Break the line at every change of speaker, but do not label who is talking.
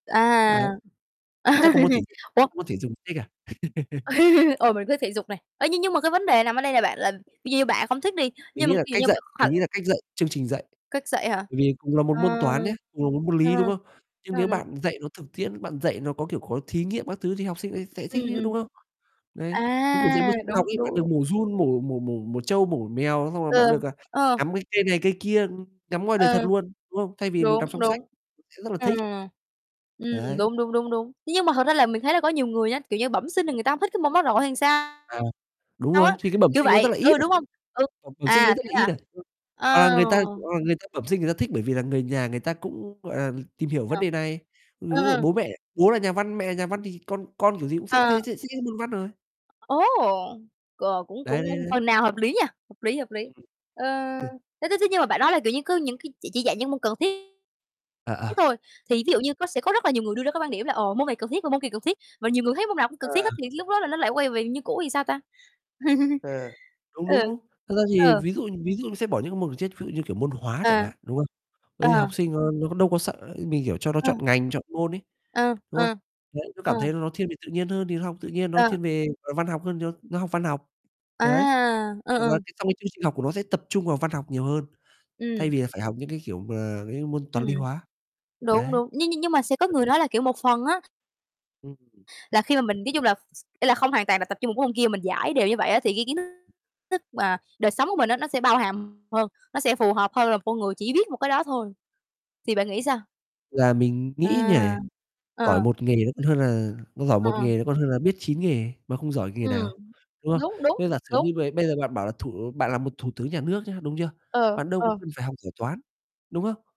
Đấy.
À,
Chắc còn môn thể dục, chắc
ủa?
còn môn môn thể dục thích à?
Ồ, mình cứ thể dục này, ơ, nhưng nhưng mà cái vấn đề nằm ở đây là bạn là kiểu như bạn không thích đi,
Mình
nhưng mà
nghĩ là
ví dụ
cách
như
dạy,
bạn
mình
[unintelligible]
nghĩ là cách dạy, chương trình dạy,
Cách dạy hả?
bởi vì cùng là một
Ờ,
môn Toán nhá, cùng là môn môn
à,
Lý, đúng không? Nhưng
à.
nếu bạn dạy nó thực tiễn, bạn dạy nó có, kiểu, có thí nghiệm các thứ thì học sinh ấy sẽ thích
Ừm,
chứ, đúng
ừm.
không? Đấy, giống kiểu dạy môn
À,
Sinh học
đúng,
ấy, bạn
đúng,
được
đúng.
mổ giun, mổ mổ mổ mổ trâu, mổ mèo xong rồi bạn
Ừ,
được, à,
ờ.
ngắm cái cây này, cây kia, ừm, ngắm ngoài đời
Ờ.
thật luôn, đúng không? Thay vì mình đọc
Đúng,
xong sách,
đúng.
sẽ rất là
Ờ.
thích.
Ừm,
Đấy.
đúng, đúng, đúng, đúng. Thế nhưng mà thật ra là mình thấy là có nhiều người á, kiểu như, bẩm sinh là người ta hông thích cái môn đó rồi hay sao
À, đúng
sao
rồi,
á?
thì cái bẩm
Kiểu
sinh nó rất
vậy,
là ít
ừ,
à,
đúng hông? Ừ,
ờ, bẩm sinh đấy
à,
rất
thế
là ít
hả?
à? Hoặc là
À,
người ta,
ồ.
ờ, người ta bẩm sinh người ta thích bởi vì là người nhà người ta cũng, gọi là, tìm hiểu vấn
[unintelligible]
đề này, ừm,
Ờ,
ví dụ
ờ.
bố mẹ, bố là nhà văn, mẹ là nhà văn thì con con kiểu gì cũng thích
À.
thế th thích cái môn Văn rồi.
Ố, ồ! C cũng
Đấy, đấy,
cũng
đấy.
phần nào hợp lý nhỉ? Hợp lý, hợp lý,
Ừm,
ơ,
hừ.
thế thế thế nhưng mà bạn nói là, kiểu như, cứ những cái chỉ chỉ dạy những môn cần thiết
À,
thiết
à.
thôi, thì ví dụ như có sẽ có rất là nhiều người đưa ra cái quan điểm là ồ, môn này cần thiết và môn kia cần thiết, và nhiều người thấy môn nào cũng cần thiết
À.
hết thì lúc đó là nó lại quay về như cũ thì sao ta?
À, đúng,
Ừ,
đúng, đúng. Thật ra thì
ờ.
ví dụ ví dụ nó sẽ bỏ những cái môn, ừm, chết ví dụ như, kiểu, môn Hóa chẳng
À.
hạn, đúng không? Bởi vì
Ờ.
học sinh nó nó đâu có sợ, mình hiểu cho nó
Ờ.
chọn ngành, chọn môn ấy,
Ờ,
đúng không?
ờ,
Đấy, nó
ờ.
cảm thấy là nó thiên về tự nhiên hơn thì nó học tự nhiên, nó
Ờ.
thiên về, ờ, văn học hơn thì nó nó học văn học,
À,
đấy.
ờ,
Còn là
ờ.
cái trong cái chương trình học của nó sẽ tập trung vào văn học nhiều hơn thay
Ừm.
vì là phải học những cái kiểu mà cái những cái môn
Ừm.
Toán, Lý, Hóa,
Đúng,
đấy.
đúng, nhưng nhưng nhưng mà sẽ có người
[unintelligible]
nói là, kiểu, một phần á
Ừm [unintelligible]
là khi mà mình nói chung là ý là không hoàn toàn là tập trung một cái môn kia, mình dải đều như vậy á thì cái kiến thức thức mà đời sống của mình á nó sẽ bao hàm hơn, nó sẽ phù hợp hơn là một con người chỉ biết một cái đó thôi thì bạn nghĩ sao?
Là mình nghĩ như
À,
này,
ờ,
giỏi
ờ.
1 nghề nó còn hơn là nó giỏi
Ờ,
1
ờ.
nghề nó còn hơn là biết 9 nghề mà không giỏi nghề
Ừm,
nào, đúng không?
đúng, đúng,
Thế giả sử
đúng.
như bầy bây giờ bạn bảo là thủ bạn là một thủ tướng nhà nước nhá, đúng chưa?
Ờ,
Bạn đâu có
ờ.
cần phải học giỏi Toán, đúng không?